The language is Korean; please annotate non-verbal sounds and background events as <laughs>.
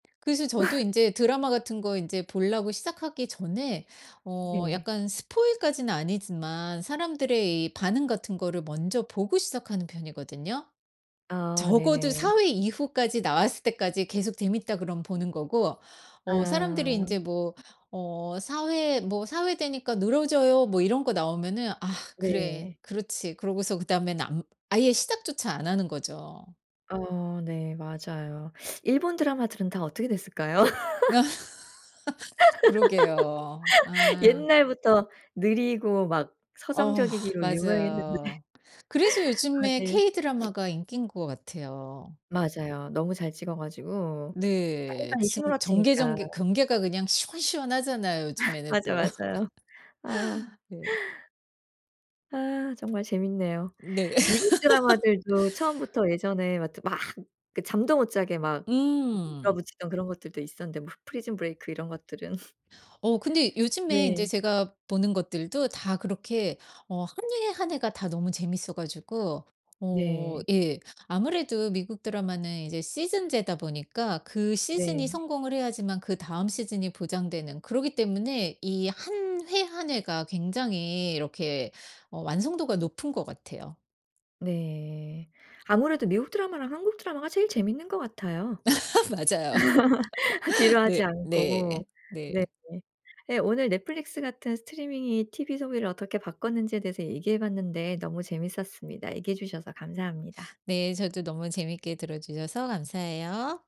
그래서 저도 <laughs> 인제 드라마 같은 거 인제 볼라고 시작하기 전에 어 네. 약간 스포일 까지는 아니지만 사람들의 이 반응 같은 거를 먼저 보고 시작하는 편이거든요. 아 적어도 네네. 4 회 이후까지 나왔을 때까지 계속 재밌다 그럼 보는 거고 어 사람들이 인제 아. 뭐 어 4 회 뭐 "4 회 되니까 늘어져요." 뭐 이런 거 나오면은 '아 그래. 네. 그렇지.' 그러고서 그다음엔 안 아예 시작조차 안 하는 거죠. 어 네. 맞아요. 일본 드라마들은 다 어떻게 됐을까요? <laughs> <laughs> 그러게요. <laughs> 아. 옛날부터 느리고 막 어 서정적이기로 유명했는데. 맞아요. 그래서 아 요즘에 네. K <sniffs> 드라마가 인기인 것 같아요. 맞아요. 너무 잘 찍어가지고 네. 빨리빨리 증 전개 휘몰아치니까. 전개 경계가 그냥 시원시원하잖아요. <laughs> 요즘에는 또. 맞아요 맞아요. 아. <laughs> 예. 아 정말 재밌네요. 네. 미국 드라마들도 <laughs> 처음부터 예전에 막 또 막 그 잠도 못 자게 막 음. 밀어붙이던 그런 것들도 있었는데 뭐 프리즌 브레이크 이런 것들은. <laughs> 어 근데 요즘에 인제 네. 제가 보는 것들도 다 그렇게 어 1 회 1 회가 다 너무 재밌어가지고 어 네. 예. 아무래도 미국 드라마는 이제 시즌제다 보니까 그 시즌이 네. 성공을 해야지만 그다음 시즌이 보장되는 그러기 때문에 이 1 회 1 회가 굉장히 이렇게 어 완성도가 높은 것 같애요. 네. 아무래도 미국 드라마랑 한국 드라마가 제일 재밌는 것 같아요. <laughs> 맞아요. <laughs> <laughs> 지루하지 네. 네. 않고. 네. 네. 예. 오늘 넷플릭스 같은 스트리밍이 티비 소비를 어떻게 바꿨는지에 대해서 얘기해 봤는데 너무 재밌었습니다. 얘기해 주셔서 감사합니다. 네. 저도 너무 재밌게 들어주셔서 감사해요.